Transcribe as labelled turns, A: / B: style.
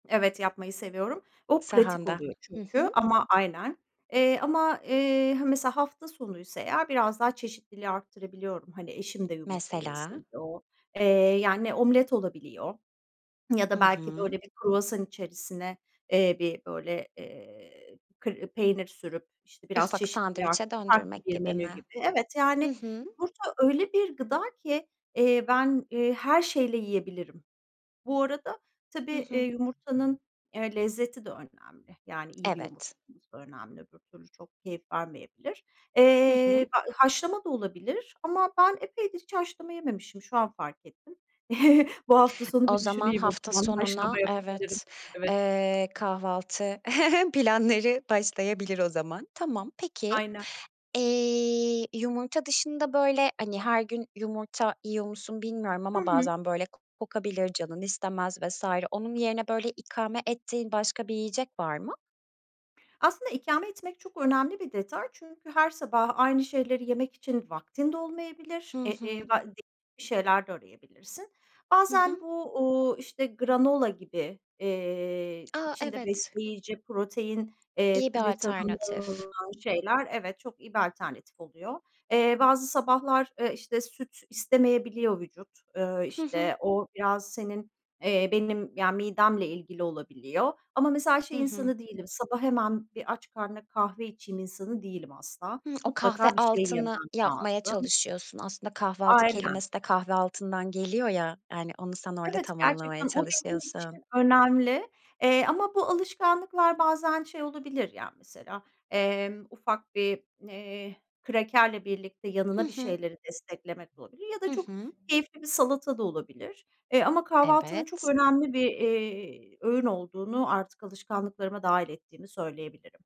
A: Evet yapmayı seviyorum. O pratik
B: Sahanda.
A: oluyor
B: Hı hı.
A: çünkü ama Aynen, eee, ama, eee, he, mesela hafta sonuysa eğer biraz daha çeşitliliği arttırabiliyorum. Hani eşim de yumurta yesin
B: Mesela?
A: diye o. Eee, yani omlet olabiliyor ya
B: Hı
A: da belki
B: hı.
A: böyle bir kruvasan içerisine, eee, bir böyle, eee, kı peynir sürüp, işte, biraz
B: Ufak
A: çeşitliliği arttı
B: sandviçe
A: farklı
B: döndürmek
A: bir
B: gibi
A: menü
B: mi?
A: gibi. Evet,
B: Hı
A: yani,
B: hı.
A: yumurta öyle bir gıda ki, eee, ben, eee, her şeyle yiyebilirim. Bu arada tabii,
B: Hı
A: eee,
B: hı.
A: yumurtanın, eee, lezzeti de önemli. Yani, iyi bir yumurta
B: Evet.
A: olması da önemli öbür türlü çok keyif vermeyebilir.
B: Hı
A: Eee,
B: hı.
A: b haşlama da olabilir ama ben epeydir hiç haşlama yememişim. Şu an fark ettim. Bu hafta sonu
B: O
A: bir
B: zaman
A: düşüneyim o
B: hafta
A: zaman. Haşlama
B: sonuna
A: yapabilirim.
B: evet,
A: Evet.
B: eee, kahvaltı planları başlayabilir o zaman. Tamam, peki.
A: Aynen.
B: Eee, yumurta dışında böyle, hani, her gün yumurta yiyor musun bilmiyorum
A: Hı
B: ama
A: hı.
B: bazen böyle kokabilir, canın istemez vs. Onun yerine böyle ikame ettiğin başka bir yiyecek var mı?
A: Aslında ikame etmek çok önemli bir detay. Çünkü her sabah aynı şeyleri yemek için vaktin de olmayabilir.
B: Hı
A: Eee, eee,
B: hı.
A: va değişik bir şeyler de arayabilirsin.
B: Hı
A: Bazen
B: hı.
A: bu, uuu, işte, granola gibi, eee,
B: A,
A: içinde
B: evet.
A: besleyici protein, eee,
B: İyi bir
A: ve tahıllı
B: alternatif.
A: olan şeyler, evet, çok iyi bir alternatif oluyor. Eee, bazı sabahlar, eee, işte, süt istemeyebiliyor vücut, ııı,
B: Hı hı.
A: işte o biraz senin, eee, benim yani midemle ilgili olabiliyor ama mesela
B: Hı
A: şey
B: hı.
A: insanı değilim, sabah hemen bir aç karnına kahve içeyim insanı değilim asla.
B: Hımm. O kahve
A: Mutlaka bir şey yemem
B: altını yapmaya
A: lazım.
B: çalışıyorsun. Aslında kahvaltı
A: Aynen.
B: kelimesi de kahve altından geliyor ya, yani onu sen orada
A: Evet,
B: tamamlamaya
A: gerçekten o benim için
B: çalışıyorsun.
A: önemli, eee, ama bu alışkanlıklar bazen şey olabilir, yani mesela, emm, ufak bir, eee, krakerle birlikte
B: Hı
A: yanına bir
B: hı.
A: şeyleri desteklemek olabilir ya
B: Hı
A: da çok
B: hı.
A: keyifli bir salata da olabilir, eee, ama kahvaltının çok
B: Evet.
A: önemli bir, eee, öğün olduğunu artık alışkanlıklarıma dâhil ettiğimi söyleyebilirim.